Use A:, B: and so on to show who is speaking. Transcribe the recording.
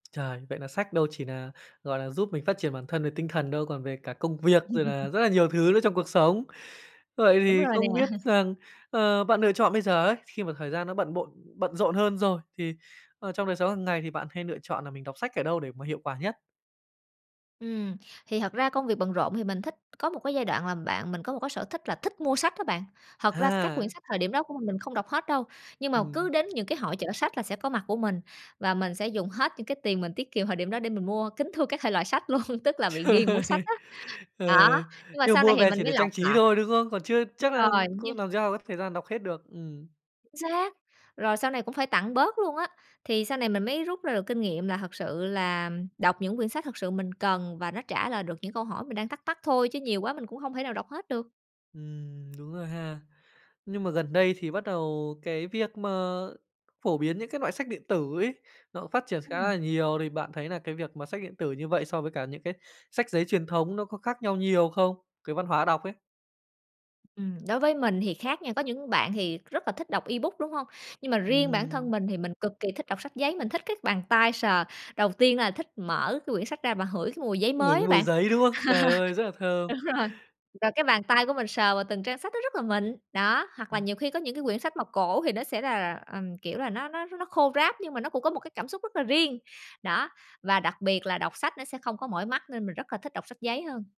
A: Trời! Vậy là sách đâu chỉ nà, gọi là, giúp mình phát triển bản thân về tinh thần đâu, còn về cả công việc rồi là rất là nhiều thứ nữa trong cuộc sống. Vậy
B: Đúng
A: thì
B: rồi nè.
A: không biết rằng, ờ, bạn lựa chọn bây giờ ấy, khi mà thời gian nó bận bộn bận rộn hơn rồi thì, ờ, trong đời sống hàng ngày thì bạn hay lựa chọn là mình đọc sách ở đâu để mà hiệu quả nhất?
B: Ừm, thì thật ra công việc bận rộn thì mình thích có một cái giai đoạn là bạn mình có một cái sở thích là thích mua sách á bạn. Thật ra các quyển
A: Ha.
B: sách thời điểm đó của mình, mình không đọc hết đâu, nhưng mà cứ
A: Ừm.
B: đến những cái hội chợ sách là sẽ có mặt của mình và mình sẽ dùng hết những cái tiền mình tiết kiệm thời điểm đó để mình mua kính thưa các thể loại sách luôn, tức là bị ghiền mua
A: Trời!
B: sách á.
A: Ờ,
B: Đó, nhưng mà
A: nhưng mà
B: sau này
A: mua
B: thì
A: về
B: mình
A: chỉ
B: mới
A: để trang
B: lọc
A: trí
B: lại.
A: thôi, đúng không? Còn chưa
B: Đúng
A: chắc là
B: rồi! Như
A: cũng làm sao có thời gian đọc hết được, ừm.
B: Chính xác! Rồi sau này cũng phải tặng bớt luôn á, thì sau này mình mới rút ra được kinh nghiệm là thật sự là đọc những quyển sách thật sự mình cần và nó trả lời được những câu hỏi mình đang thắc mắc thôi chứ nhiều quá mình cũng hông thể nào đọc hết được.
A: Ừm, đúng rồi ha. Nhưng mà gần đây thì bắt đầu cái việc mà phổ biến những cái loại sách điện tử ấy nó phát triển khá là
B: Ừm.
A: nhiều, thì bạn thấy nà cái việc mà sách điện tử như vậy so với cả những cái sách giấy truyền thống nó có khác nhau nhiều không? Cái văn hóa đọc ấy?
B: Ừm, đối với mình thì khác nha, có những bạn thì rất là thích đọc ebook, đúng hông? Nhưng mà riêng bản thân
A: Ừm.
B: mình thì mình cực kỳ thích đọc sách giấy, mình thích cái bàn tay sờ. Đầu tiên là thích mở cái quyển sách ra và hửi cái mùi giấy
A: Ngửi
B: mới á
A: cái mùi
B: bạn.
A: giấy, đúng không? Trời ơi, rất là thơm!
B: Đúng rồi, và cái bàn tay của mình sờ vào từng trang sách nó rất là mịn. Đó, hoặc là
A: Ừm.
B: nhiều khi có những cái quyển sách mà cổ thì nó sẽ là là, ờm, kiểu là, nó nó nó khô ráp nhưng mà nó cũng có một cái cảm xúc rất là riêng. Đó, và đặc biệt là đọc sách nó sẽ không có mỏi mắt nên mình rất là thích đọc sách giấy hơn.